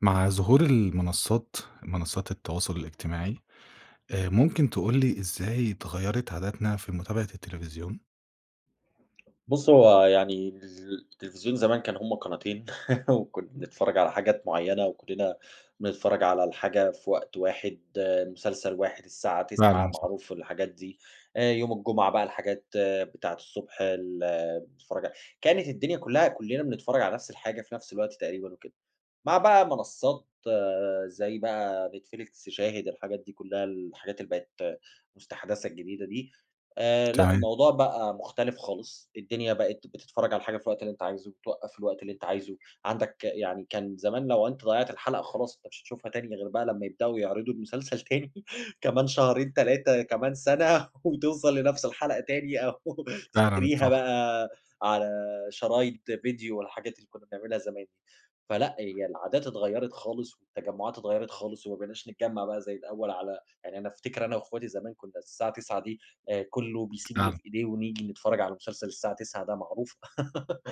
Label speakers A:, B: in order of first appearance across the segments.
A: مع ظهور المنصات، منصات التواصل الاجتماعي، آآ، ممكن تقول لي إزاي اتغيرِت عادتنا في متابعة التلفزيون؟
B: بُصّ هو يعني الز التلفزيون زمان كان هُم قناتين وكنا بنتفرج على حاجات معينة، وكلّنا بنتفرج على الحاجة في وقت واحد، مسلسل واحد الساعة 21:00
A: فعلًا صح.
B: معروف الحاجات دي، آآ، يوم الجمعة بقى الحاجات بتاعة الصبح ال بتتفرج ع كانت الدنيا كلّها كلّنا بنتفرج على نَفْس الحاجة في نَفْس الوقت تقريبًا وكده، مع بقى منصات زي بقى نتفليكس، شاهد، الحاجات دي كلّها، الحاجات اللي بقت مستحدثة الجديدة دي، آآ، لأ
A: تمام.
B: الموضوع بقى مختلف خالص، الدنيا بقت بتتفرج على الحاجة في الوقت اللي أنت عايزه، توقّف في الوقت اللي أنت عايزه، عندك يعني كان زمان لو أنت ضيّعت الحلقة خلاص مش هتشوفها تاني غير بقى لمّا يبدأوا يعرضوا المسلسل تاني كمان شهرين 3 كمان سنة وتوصل لنفس الحلقة تاني، أو
A: فعلًا
B: تشتريها
A: صح.
B: بقى على شرايط فيديو والحاجات اللي كنا بنعملها زمان دي. فلأ هي العادات اتغيرت خالص والتجمعات اتغيرت خالص، وما بقيناش نتجمّع بقى زي الأوّل على يعني أنا أفتكر أنا وأخواتي زمان كنا الساعة 21:00 دي آآ، كلّه بيسيب اللي
A: فعلًا.
B: في إيديه ونيجي نتفرج على مسلسل الساعة 21:00 ده معروفة.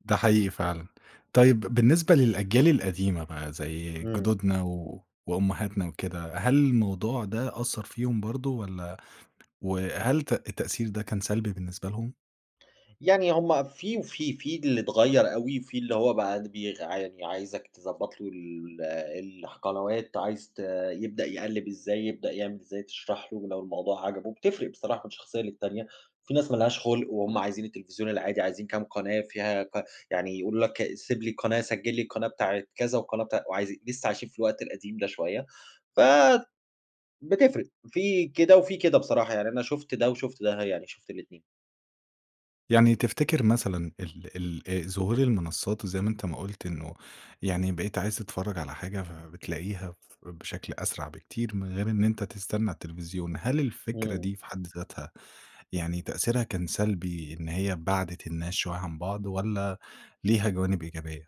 A: ده حقيقي فعلًا. طيب بالنسبة للأجيال القديمة بقى زي
B: إمم.
A: جُدودنا وأمهاتنا وكده، هل الموضوع ده أثّر فيهُم برضه، والّا وهل تأ التأثير ده كان سلبي بالنسبة لهم؟
B: يعني هُم في وفي. في اللي اتغير أوي، في اللي هو بقى د بيغ عاني عايزك تضبط له ال الح قنوات عايز ت يبدأ يقلّب إزاي، يبدأ يعمل إزاي تشرح له ولو الموضوع عجبه بتفرق بصراحة من شخصية للتانية، في ناس ما لهاش خُلق وهُم عايزين التلفزيون العادي عايزين كام قناة فيها ك يعني يقولوا لَك "سيب لي القناة، سجل لي القناة بتاعة كذا والقناة بتا" وعايز لسّه عايشين في الوقت القديم ده شوية ف بتفرق في كده وفي كده بصراحة، يعني أنا شُفت ده وشُفت ده، يعني شُفت الاتنين.
A: يعني تفتكر مثلًا ال ال ظهور المنصّات وزَي ما أنت ما قُلت إنه يعني بقيت عايز تتفرج على حاجة فبتلاقيها ف بشكل أسرع بكتير، من غير إن أنت تستنى التلفزيون. هل الفكرة
B: إمم.
A: دي في حد ذاتها، يعني تأثيرها كان سلبي، إن هي بَعدِت الناس شويّة عن بعض، والّا ليها جوانب إيجابية؟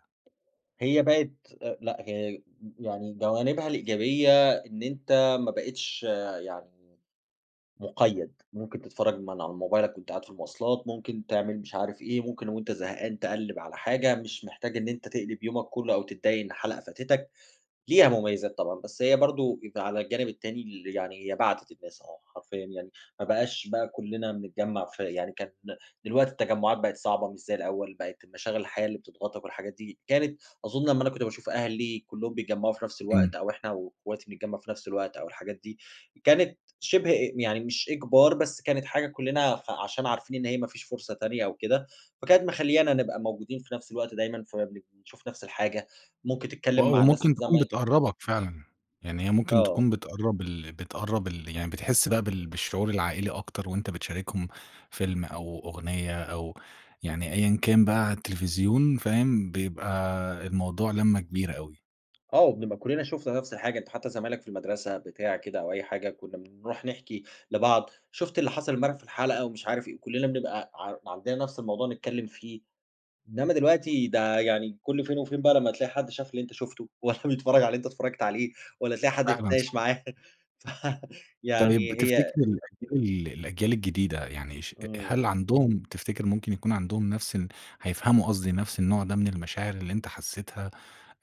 B: هي بقت أ لأ، هي أ يعني جوانبها الإيجابية إن أنت ما بقيتش يعني مُقيّد. مُمكن تتفرج من على موبايلك وأنت قاعد في المواصلات، مُمكن تعمل مش عارف إيه، مُمكن وأنت زهقان تقلّب على حاجة، مش محتاج إن أنت تقلِب يومك كُلّه أو تضّايق إن حلقة فاتتَك، ليها مميزات طبعًا. بس هي برضه يبقى على الجانب التاني ل يعني هي بعتت الناس آه حرفيًا يعني، ما بقاش بقى كُلّنا بنتجمع في يعني كانت ن دلوقتي التجمعات بقت صعبة مش زي الأول بقت المشاغل الحياة اللي بتضغطَك والحاجات دي. كانت أظن لمّا أنا كنت باشوف أهلي كُلّهم بيتجمّعوا في نفس
A: إمم.
B: الوقت، أو إحنا واخواتي نتجمّع في نفس الوقت، أو الحاجات دي. كانت شِبه أ يعني مش إجبار بس كانت حاجة كُلّنا فعشان عارفين إن هي ما فيش فرصة تانية أو كده، فكانت مخلّيانا نبقى موجودين في نَفس الوقت دايمًا. فَبنب بنشوف نَفس الحاجة، مُمكن تتكلم
A: آه،
B: مع ناس
A: ومُمكن تكون
B: زماي
A: بتقرّبَك فعلًا. يعني هي مُمكن
B: آه.
A: تكون بتقرّب ال بتقرّب ال يعني بتحس بقى بال بالشعور العائلي أكتر، وأنت بتشاركهم فيلم أو أغنية أو يعني، أيًا كان بقى على التلفزيون فاهم، بيبقى الموضوع لمّة كبيرة أوي.
B: آه، وبنبقى كُلّنا شوفنا نفْس الحاجة، أنت حتى زمايلك في المدرسة بتاع كده، أو أي حاجة كُنّا بنرُوح نحكِي لبعض، شوفت اللي حصَل إمبارح في الحلقة ومش عارف إيه، وكُلّنا بنبقى ع عندنا نفْس الموضوع نتكلّم فيه. إنما دلوقتي ده يعني كل فين وفين بقى لمّا تلاقي حد شاف اللي أنت شوفته، والَّا بيتفرّج على اللي أنت اتفرّجت عليه، والَّا تلاقي حد
A: فعلًا
B: تتناقش
A: صح.
B: معاه. ف
A: طيب
B: فيعني هي
A: تفتِكر الأجيال الأجيال الجديدة، يعني ش أ
B: امم.
A: هل عندهم، تفتِكر ممكن يكون عندهم نفس الن هيفهَموا قصْدي نفْس النوع ده من المشاعر اللي أنت حسّيتها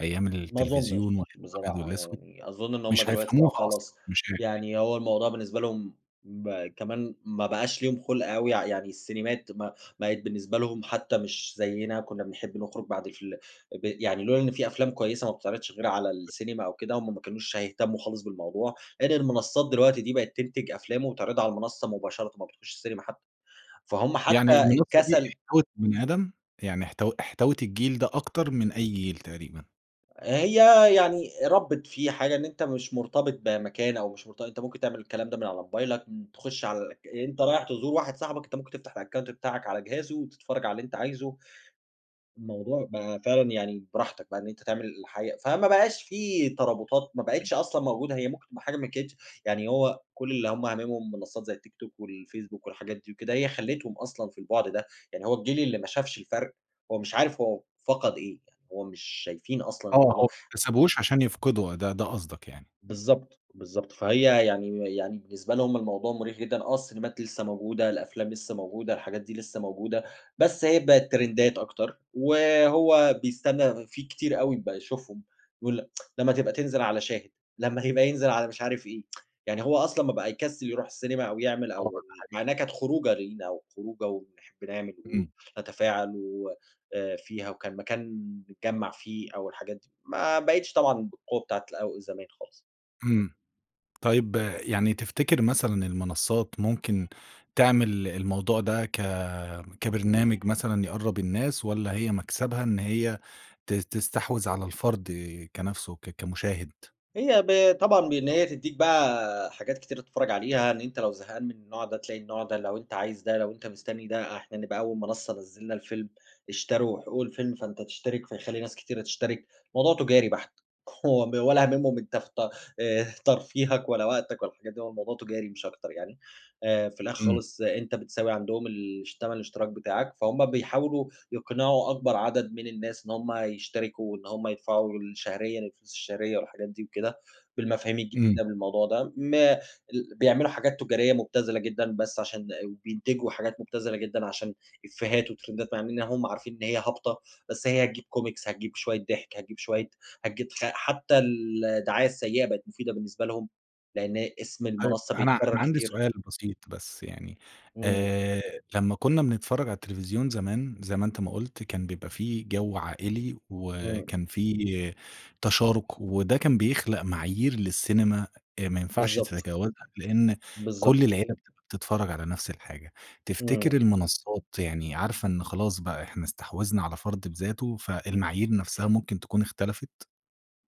A: أيام
B: ما
A: التلفزيون،
B: أظُنّش
A: وأيام الأبيض
B: بصراحة
A: والأسود؟
B: يعني، أظُن إن هُم
A: مش
B: دلوقتي
A: هيفهَموها
B: بقوا
A: أصلًا،
B: خلاص،
A: مش هي [unintelligible]
B: يعني هو الموضوع بالنسبة لهم م كمان ما بقاش ليهم خُلْق أوي، ي يعني السينيمات ما بقِت بالنسبة لهم حتى مش زيّنا، كنّا بنحب نخرُج بَعد الفيل ب يعني لولا إن في أفلام كويسة ما بتتعرِضش غير على السينما أو كده، هُم ما كانوش هيهتمّوا خالص بالموضوع، غير المنصات دلوقتي دي بقت تنتج أفلام وبتعرِضها على المنصة مباشرةً، ما بتخشِّش السينما حتى. فهُم
A: يعني
B: حتى
A: المنصة دي
B: الكسل
A: احتَوت البني آدم؟ يعني احت احتَوت الجيل ده أكتر من أي جيل تقريبًا.
B: هي يعني ربِّت فيه حاجة، إن أنت مش مرتبط بمكان، أو مش مرت أنت ممكن تعمل الكلام ده من على موبايلك، م تخُش على الأك أنت رايح تزور واحد صاحبك، أنت ممكن تفتَح الأكاونت بتاعك على جهازه، وتتفرّج على اللي أنت عايزه. الموضوع بقى فعلًا يعني براحتك بقى إن أنت تعمل الحاجة، فما بقاش فيه ترابُطات، ما بقِتش أصلًا موجودة، هي ممكن تبقى حاجة ما كانتش يعني هو كُل اللي هُم هامِمهم منصات زي التيك توك، والفيسبوك والحاجات دي وكده، هي خلِّيتهم أصلًا في البُعْد ده، يعني هو الجيل اللي ما شافش الفرق هو مش عارف هو فقد إيه، يعني هو مش شايفين أصلًا
A: آه، هو ما
B: [unintelligible]
A: اكتسبهوش عشان يَفقِده ده ده قصدك يعني؟
B: بالضبط، بالضبط، فهي يعني يعني بالنسبة لهم الموضوع مُريح جدًا، آه السينيمات لسه موجودة، الأفلام لسه موجودة، الحاجات دي لسه موجودة، بس هي بقِت ترندات أكتر، وهو بيستنّى فيه كتير أوي بقى يشوفهم، بيقول لمّا تبقى تنزِل على شاهد، لمّا هيبقى ينزِل على مش عارف إيه يعني هو أصلًا ما بقى يكسِّل يرُوح السينيما، أو يعمل
A: آه،
B: أو
A: ده
B: مع
A: حقيقي.
B: إنها كانت خروجة لينا، وخروجة وبنحب نعمل
A: امم.
B: ونتفاعل و آآ فيها وكان مكان نتجمّع فيه أو الحاجات دي، ما بقِتش طبعًا بالقوة بتاعة الأو زمان خالص.
A: امم. طيب يعني تفتكر مثلًا المنصات ممكن تعمل الموضوع ده ك كبرنامج مثلًا يقرّب الناس، والّا هي مكسبها إن هي ت تستحوذ على الفرد كنَفسه ك كمشاهد؟
B: هي ب طبعًا بإن هي تديك بقى حاجات كتير تتفرج عليها، إن أنت لو زهقان من النوع ده تلاقي النوع ده، لو أنت عايز ده، لو أنت مستني ده، إحنا نبقى أول منصة نزّلنا الفيلم، اشتروا حقوق الفيلم، فأنت تشترك، فيخلّي ناس كتيرة تشترك، الموضوع تجاري بحت، هو ب ولا هاممهم أنت فت آآ، ترفيهك ولا وقتك ولا الحاجات دي، هو الموضوع تجاري مش أكتر يعني، آآ، في الآخر
A: امم.
B: خالص أنت بتساوي عندهم الش تمن الاشتراك بتاعك، فهُم بيحاولوا يقنعوا أكبر عدد من الناس إن هُم يشتركوا وإن هُم يدفعوا ال شهريًا الفلوس الشهرية والحاجات دي وكده، بالمفاهيم
A: امم.
B: الجديدة بالموضوع ده، ما ال بيعملوا حاجات تجارية مبتذلة جدًا بس علشان إ وبينتجوا حاجات مبتذلة جدًا علشان إفيهات وترندات، مع إننا هُم عارفين إن هي هابطة، بس هي هتجيب كومكس، هتجيب شوية ضحك، هتجيب شوية هتجيب خ حتى الدعاية السيئة بقت مفيدة بالنسبة لهم، لإن اسم
A: طيب
B: المنصة
A: أنا
B: بيتكرر
A: أنا عندي
B: كتير.
A: سؤال بسيط بس يعني،
B: إمم.
A: آآ، لمّا كنا بنتفرج على التلفزيون زمان- زي ما أنت ما قُلت- كان بيبقى في جو عائلي
B: إمم.
A: وكان في تشارك، وده كان بيخلق معايير للسينما إ ما ينفعش
B: بالضبط.
A: تتجاوزها لإن
B: بالضبط.
A: كُلّ العيلة بتبقى بتتفرج على نَفْس الحاجة، تفتكر
B: إمم.
A: المنصات يعني عارفة إن خلاص بقى إحنا استحوذنا على فرد بذاته فالمعايير نَفسها ممكن تكون اختلفت؟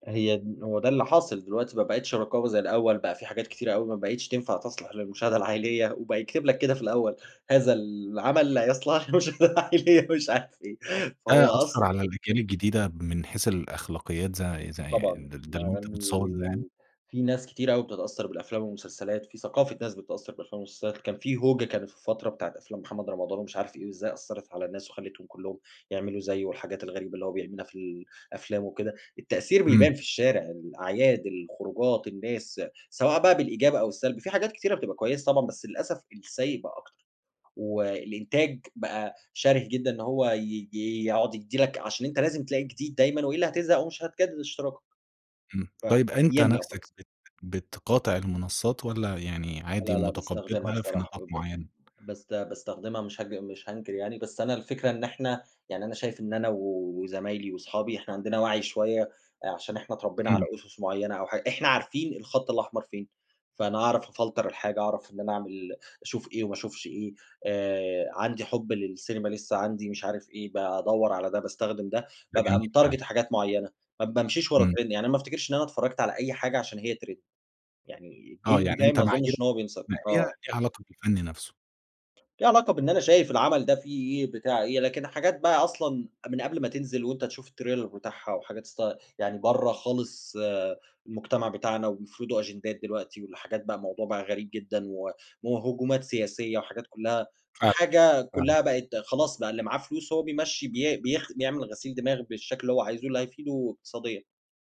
B: هي د هو ده اللي حاصل دلوقتي ما بقيتش رقابة زي الأوّل، بقى في حاجات كتيرة أوي ما بقيتش تنفع تصلح للمشاهدة العائلية، وبقى يكتب لك كده في الأوّل "هذا العمل
A: [unintelligible]
B: لا يصلح للمشاهدة العائلية" مش عارف إيه،
A: ده
B: فهو
A: أثّر
B: أصل
A: على الأجيال الجديدة من حيث الأخلاقيات زي زي
B: طبعًا،
A: يعني ده ده
B: مع
A: اللي أنت متصور ده يعني؟
B: ال في ناس كتير أوي بتتأثر بالأفلام والمسلسلات، في ثقافة ناس بتتأثر بالأفلام والمسلسلات، كان في هوجة كانت في فترة بتاعة أفلام محمد رمضان ومش عارف إيه، وإزاي أثّرت على الناس وخلتهم كلّهم يعملوا زيه والحاجات الغريبة اللي هو بيعملها في الأفلام وكده، التأثير
A: إمم.
B: بيبان في الشارع، الأعياد، الخروجات، الناس، سواء بقى بالإيجاب أو السلب، في حاجات كتيرة بتبقى كويسة طبعًا، بس للأسف السيئ بقى أكتر، والإنتاج بقى شَرِه جدًا إن هو ي ي يقعد يدّي لك علشان أنت لازم تلاقي جديد دايمًا، وإلّا هاتزهق أو مش هتجدد اشتراكك.
A: إمم، طيب أنت
B: فيملا وخلاص.
A: نَفسك بت بتقاطع المنصات، والّا يعني عادي
B: لا لا باستخدمها
A: مُتقبّلها في
B: بصراحة،
A: نطاق
B: وب
A: معينة؟
B: بس باستخدمها مش هج مش هانكر يعني، بس أنا الفكرة إن إحنا يعني أنا شايف إن أنا وزمايلي، وصحابي إحنا عندنا وَعي شوية آآ، عشان إحنا اتربينا على
A: إمم.
B: أُسس معينة أو حا إحنا عارفين الخط الأحمر فين، فأنا أعرف أفلتر الحاجة، أعرف إن أنا أعمل أشوف إيه وما اشوفش إيه، آآ، عندي حُب للسينما لسه، عندي مش عارف إيه بادوّر على ده، باستخدم ده،
A: ده
B: بابقى
A: جميل
B: متارجيت
A: فعلًا.
B: حاجات معيّنة، ما بامشيش ورا
A: إمم.
B: تريند، يعني ما افتكرش إن أنا اتفرجت على أي حاجة علشان هي تريند، يعني
A: آه
B: الجيل
A: يعني
B: بتاعي
A: أنت
B: ما
A: معاييرك
B: اظنش إن هو بينسى
A: بتنقّيها
B: آه.
A: ليها علاقة بالفن نَفسه.
B: في علاقة بإن أنا شايف العمل ده فيه إيه بتاع إيه، لكن الحاجات بقى أصلًا من قبل ما تنزل وأنت تشوف التريلر بتاعها، وحاجات است يعني برّا خالص المجتمع بتاعنا، وبيفرضوا أجندات دلوقتي والحاجات بقى موضوع بقى غريب جدًا، و وهجومات سياسية وحاجات كلّها
A: فاهمك
B: فحاجة
A: فاهمك.
B: كلّها بقت خلاص بقى اللي معاه فلوس هو بيمشّي بي بيخ بيعمل غسيل دماغ بالشكل اللي هو عايزه اللي هيفيده اقتصاديًا،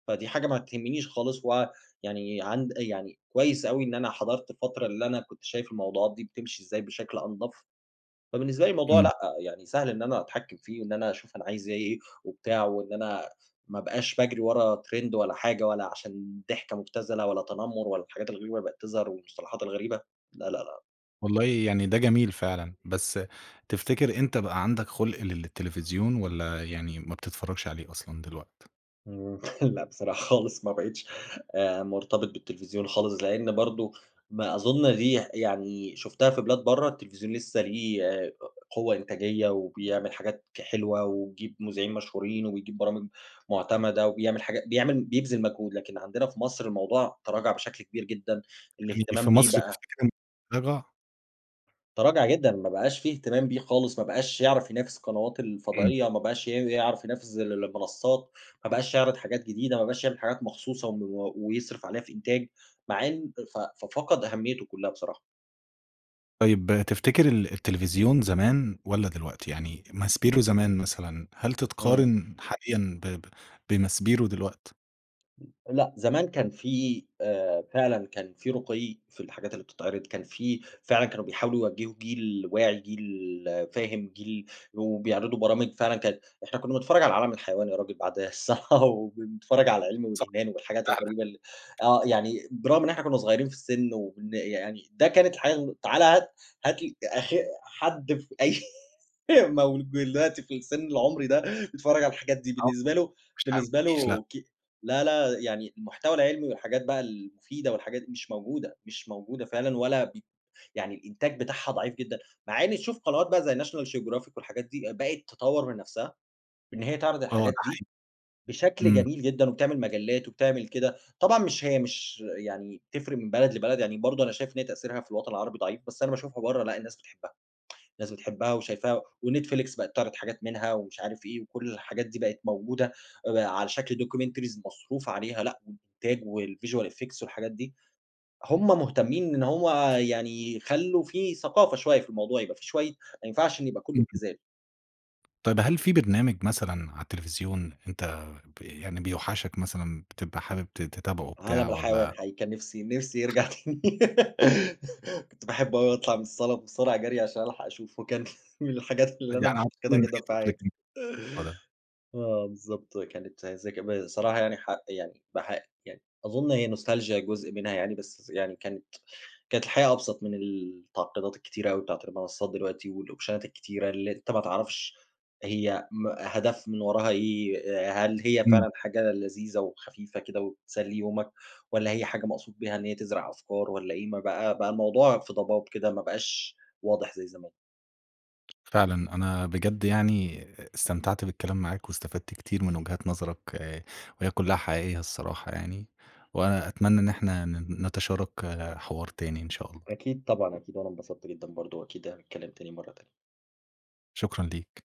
B: فدي حاجة ما تهمنيش خالص، ويعني عند أ يعني كويس أوي إن أنا حضرت الفترة اللي أنا كنت شايف الموضوعات دي بتمشي إزاي بشكل أنضف، فبالنسبة لي الموضوع
A: إمم.
B: لأ، يعني سهل إن أنا أتحكم فيه وإن أنا أشوف أنا عايز إيه وبتاع، وإن أنا ما أبقاش باجري ورا ترند ولا حاجة، ولا علشان ضحكة مبتذلة، ولا تنمر، ولا الحاجات الغريبة اللي بقت تظهر، والمصطلحات الغريبة، لا لا لا.
A: والله يعني ده جميل فعلًا، بس تفتكر أنت بقى عندك خُلْق للتلفزيون والّا يعني ما بتتفرجش عليه أصلًا دلوقت؟
B: إمم، لأ بصراحة خالص، ما بقيتش آآ، مرتبط بالتلفزيون خالص، لأن برضو ما أظن دي يعني شفتها في بلاد برّا التلفزيون لسه ليه قوة إنتاجية وبيعمل حاجات ك حلوة، ويجيب مذيعين مشهورين، وبيجيب برامج معتمدة، وبيعمل حاجا بيعمل بيبذل مجهود، لكن عندنا في مصر الموضوع تراجع بشكل كبير جدًا،
A: يعني في
B: الاهتمام بيه
A: مصر
B: بقى
A: تفتكر إن [unintelligible]
B: ترَاجَع جدًا ما بقاش في إهتمام بيه خالص ما بقاش يعرف ينافس القنوات
A: إمم.
B: الفضائية، ما بقاش ي يعرف ينافس ال المنصات، ما بقاش يعرِض حاجات جديدة ما بقاش يعمِل حاجات مخصوصة وم ويصرِف عليها في إنتاج مع إن ف ففقد أهميته كلها بصراحة.
A: طيب تفتكر ال التليفزيون زمان والّا دلوقتي؟ يعني ماسبيرو زمان مثلًا هل
B: إمم.
A: تتقارن حاليًا ب ب بماسبيرو دلوقت؟
B: امم، لأ زمان كان في آآ، فعلًا كان في رُقيّ في الحاجات اللي بتتعرض، كان في فعلًا كانوا بيحاولوا يوجّهوا جيل واعي، جيل فاهم، جيل وبيعرضوا برامج فعلًا كانت إحنا كنا بنتفرج على عالم الحيوان يا راجل بعد الصلاة، وبنتفرج على العلم
A: صح
B: والإيمان والحاجات
A: فعلًا.
B: الغريبة ال آه يعني برغم إن إحنا كنا صغيرين في السن وإن يعني ده كانت الحياة و تعالى هات هات لي آخ حد في أي مولود دلوقتي في السن العمري ده بيتفرج على الحاجات دي
A: آه،
B: بالنسبة له،
A: [unintelligible]
B: بالنسبة
A: ما فيش لأ.
B: له ك لا لا يعني المحتوى العلمي والحاجات بقى المفيدة والحاجات دي مش موجودة، مش موجودة فعلًا ولا ب يعني الإنتاج بتاعها ضعيف جدًا، مع إن تشوف قنوات بقى زي National Geographic والحاجات دي بقت تطور من نَفسها إن هي تعرض
A: آه ده
B: الحاجات دي
A: حقيقي،
B: بشكل
A: إمم.
B: جميل جدًا، وبتعمل مجلات وبتعمل كده، طبعًا مش هي مش يعني تفرق من بلد لبلد يعني برضو أنا شايف إن هي تأثيرها في الوطن العربي ضعيف، بس أنا باشوفها برّا لأ الناس بتحبها، الناس بتحبها وشايفاها ونتفليكس بقيت تعرض حاجات منها ومش عارف إيه، وكُلّ الحاجات دي بقت موجودة على شكل documentaries مصروف عليها، لأ، والإنتاج والvisual effect والحاجات دي، هُم مهتمين إن هو يعني يخلّوا في ثقافة شوية في الموضوع، يبقى في شوية ما ينفعش إنّه يبقى كلّه
A: [unintelligible]
B: ابتذال.
A: طيب هل في برنامج مثلًا على التليفزيون أنت ب يعني بيوحشك مثلًا بتبقى حابب ت تتابعه بتاع
B: عالم الحيوان
A: والّا؟
B: حقيقي كان نِفسي نِفسي يرجع، كنت باحب أوي أطلع من الصلاة بسرعة جري عشان ألحق أشوفه، كان من الحاجات اللي
A: يعني
B: أنا
A: أعتقد
B: مفتقدها
A: إن
B: جدًا في حياتي.
A: في. [unintelligible]
B: آه بالضبط، كانت زك بصراحة يعني ح يعني بح يعني أظن هي Nostalgia جزء منها يعني، بس يعني كانت كانت الحياة أبسط من التعقيدات الكتيرة أوي بتاعة المنصات دلوقتي والأوبشنات الكتيرة اللي أنت ما تعرفش هي م هدف من وراها إيه؟ هل هي
A: إمم.
B: فعلًا حاجة لذيذة وخفيفة كده وبتسلي يومك، والّا هي حاجة مقصود بيها إن هي تزرع أفكار والّا إيه، م بقى بقى الموضوع في ضباب كده، ما بقاش واضح زي زمان.
A: فعلًا أنا بجد يعني استمتعت بالكلام معاك، واستفدت كتير من وجهات نظرك، آآ وهي كلها حقيقية الصراحة يعني، وأنا أتمنى إن إحنا ن نتشارك حوار تاني إن شاء الله.
B: أكيد طبعًا أكيد، وأنا انبسطت جدًا برضو وأكيد هنتكلم تاني مرة تانية.
A: شكرًا ليك.